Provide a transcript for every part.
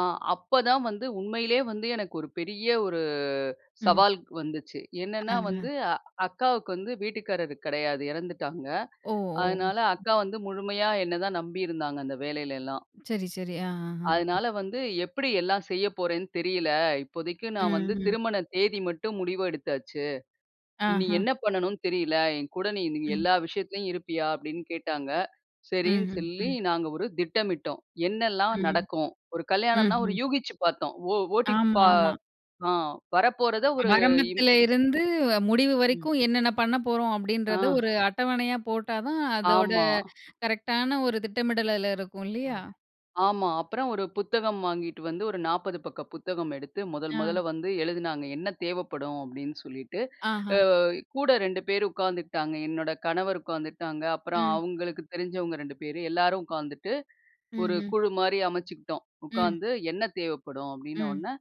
ஆ, அப்ப தான் வந்து உண்மையிலேயே வந்து எனக்கு ஒரு பெரிய ஒரு ம். சவால்க் வந்துச்சு. என்னென்னா ஆ வந்து, அ. அக்காவுக்கு வந்து வீட்டுக்காரர் கிடையாது. எறந்துட்டாங்க. ஓ ஓ! அதனால அக்கா வந்து முழுமையா என்ன தான் நம்பியிருந்தாங்க. அந்த வேலையில எல்லாம். சரி-சரி. ஆ ஆ. அதனால வந்து, "எப்பிடி எல்லாம் செய்ய போறேன்னு தெரியல. இப்போதைக்கு ம் நான் வந்து ம். திருமண தேதி மட்டும் முடிவு எடுத்தாச்சு. இனி ஆஹா! என்ன பண்ணனுன்னு தெரியல! என் கூட நீ ம். எல்லா விஷயத்துலயும் இருப்பியா?" அப்பிடின்னு கேட்டாங்க. ம் சரின்னு ம் சொல்லி ம். நாங்க ஒரு திட்டமிட்டோம். என்னெல்லாம் ம். நடக்கும்? ஒரு ம் கல்யாணன்னா ஒரு ம். யூகிச்சு பார்த்தோம். ஓ ஆமா ஓட்டிப்பா ஆமா. அ வரப்போறத ஒரு இன் ஆரம்பத்தில இருந்து வ முடிவு ம். வரைக்கும், என்னென்ன பண்ண போறோம் அப்பிடின்றத, ஆஹ், ஒரு அட்டவணையா போட்டா தான், அதோட ஆமா. கரெக்டான ஒரு திட்டமிடல் அதில இருக்கும் அ, இல்லயா! ஆமா. அப்புறம் ஒரு புத்தகம் வாங்கிட்டு வந்து, ஒரு 40 பக்க புத்தகம் எடுத்து முதல் முதல்ல ஆ. வந்து எழுதினாங்க. என்ன தேவைப்படும் அப்பிடின்னு சொல்லிட்டு. அ ஆஹா! கூட 2 பேரு உக்காந்துகிட்டாங்க. என்னோட கணவர் உக்காந்துகிட்டாங்க. அப்புறம் ம். அவுங்களுக்கு தெரிஞ்சவங்க 2 பேரு. எல்லாரும் உக்காந்துட்டு, ம் ஒரு ம். குழுமாரி அமைச்சுக்கிட்டோம். ம். உக்காந்து, "என்ன தேவைப்படும்?" ம். அப்பிடீன்னவோன்ன,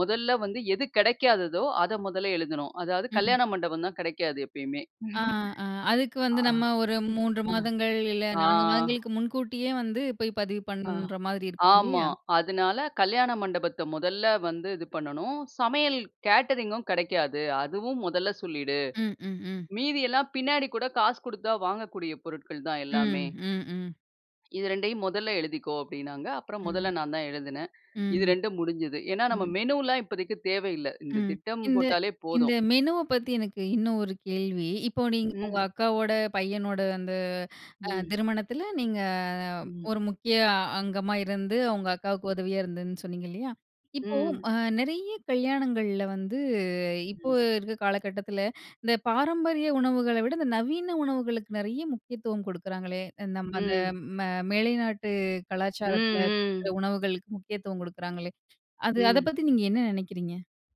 முதல்ல வந்து எது கெடைக்காததோ! அத மொதல்ல எழுதினோம். அதாவது ம். கல்யாண மண்டபம் தான் கெடைக்காது எப்பயுமே! ஆ ஆ, அதுக்கு வந்து ஆ, நம்ம ஒரு 3 ஹம் மாதங்கள் இல்ல ஆ 4 மாதங்களுக்கு முன்கூட்டியே வந்து, போய் பதிவு ஹ, பண்ற மாதிரி இருக்கும். ஆமா. இல்லயா! அதனால, கல்யாண மண்டபத்த மொதல்ல வந்து இது பண்ணணும். சமையல், கேட்டரிங்கும் கெடைக்காது. அதுவும் முதல்ல சொல்லிடு. ம் ம் ம். மீதி எல்லாம் பின்னாடி கூட, காசு குடுத்தா வாங்கக்கூடிய பொருட்கள் தான் ம், எல்லாமே! ம் ம் "இது 2யும் மொதல்ல எழுதிக்கோ!" அப்பிடினாங்க. அப்புறம் ம். முதல்ல நான் தான் எழுதுனேன். இது ம். 2உம் முடிஞ்சது. ஏன்னா, நம்ம ம். மெனுலாம் இப்போதைக்கி தேவ இல்ல. இந்த ம். திட்டம் இந்த போட்டாலே இந்த போதும். மெனுவ பத்தி எனக்கு இன்னும் ஒரு கேள்வி. இப்போ நீங்க உங்க ம். அக்காவோட பையனோட, அந்த அ ம். திருமணத்தில, நீங்க ம். ஒரு முக்கிய அங்கமா இருந்து, உங்க அக்காவுக்கு உதவியா இருந்தேன்னு சொன்னீங்க இல்லயா! இப்போ ம். அ நிறைய கல்யாணங்கள்ல வந்து, இப்போ ம். இருக்கிற காலகட்டத்தில, இந்த பாரம்பரிய உணவுகள விட இந்த நவீன உணவுகளுக்கு நெறைய முக்கியத்துவம் கொடுக்குறாங்களே! அ நம்ம அந்த ம். ம மேலை நாட்டு ம் கலாச்சாரத்தில ம். குடுக்குற உணவுகளுக்கு முக்கியத்துவம் குடுக்குறாங்களே! அது அத ம். பத்தி நீங்க என்ன நெனைக்கிறீங்க?